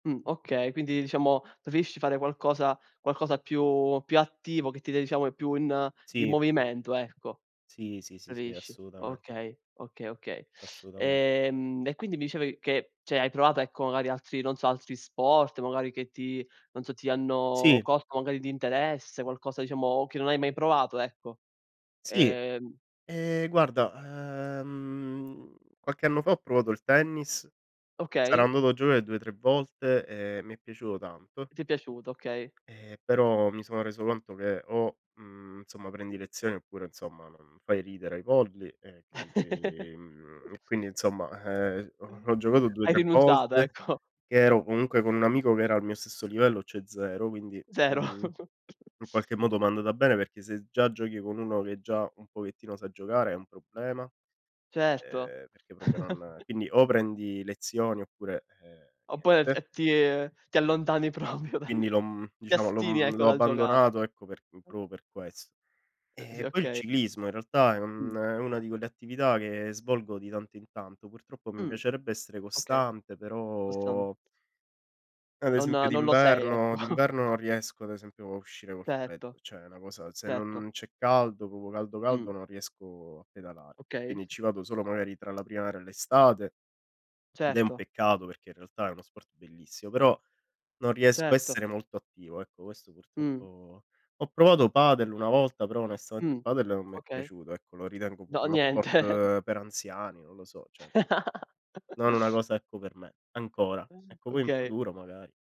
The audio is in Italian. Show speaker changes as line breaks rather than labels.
Mh. Okay, quindi diciamo, preferisci fare qualcosa qualcosa più più attivo che ti de diciamo, più in in
Sì.
movimento, ecco.
Sì, sì, sì, sì,
Preferisci
assolutamen
Okay, okay, okay.
Assolutamen
Ehm, e quindi mi dicevi che, cioè, hai provato, ecco, magari altri, non so, altri sport, magari che ti non so, ti hanno
Sì.
colto magari di interesse, qualcosa diciamo, che non hai mai provato, ecco.
Sì.
Uhm
Ehm, guarda, uhm, qualche anno fa ho provato il tennis, sarà
Okay.
andato a giocare 2, 3 volte, e mi è piaciuto tanto.
Ti è piaciuto, okay.
E però, mi sono reso conto che o, mhmm, insomma, prendi lezioni, oppure, insomma, non fai ridere ai polli e quindi mhmm, e quindi insomma, uhm,
Mh.
ho ho giocato due
Hai
tre
rinunciato,
volte,
ecco.
che ero comunque con un amico che era al mio stesso livello, cioè, 0, quindi,
Zero.
mhmm, in qualche modo m'è andata bene perché se già giochi con uno che già un pochettino sa giocare, è un problema,
Certo.
uhm, perché proprio non quindi o prendi lezioni, oppure, uhm,
Oppure e f
niente.
e ti ti allontani proprio dal
Quindi l'ho mhm,
ti
diciamo l'ho
astieni
mhmm,
ecco
l'ho
dal giocare.
abbandonato, ecco, per proprio per ques
Uh, sì,
Ehm, poi il
okay.
ciclismo in realtà è un
Mh.
è una di quelle attività che svolgo di tanto in tanto. Purtroppo, mi
Mh.
piacerebbe essere
Okay,
costante,
questo n
però ad
Non
esempio,
non lo sei ecco.
d'inverno d'inverno non riesco, ad esempio, a uscire col
Certo,
freddo. Cioè, è una cosa se
certo.
non c'è caldo, proprio caldo, caldo
Mh.
non riesco a pedalar
Okay.
Quindi, ci vado solo, magari, tra la primavera e l'estate, ed è un
Certo.
peccato perché, in realtà, è uno sport bellissimo, però non riesco a
Certo.
essere molto attivo, ecco, questo
Mh.
purtroppo Ho provato padel una volta, però, onestamente
Mh.
padel non m'è
Okay.
piaciuto, ecco, lo ritengo proprio
No,
uno
niente.
sport per anziani, non lo so, cioè, mhmm Non una cosa, ecco, per me, ancora. Ecco, poi in
Okay.
futuro, magari.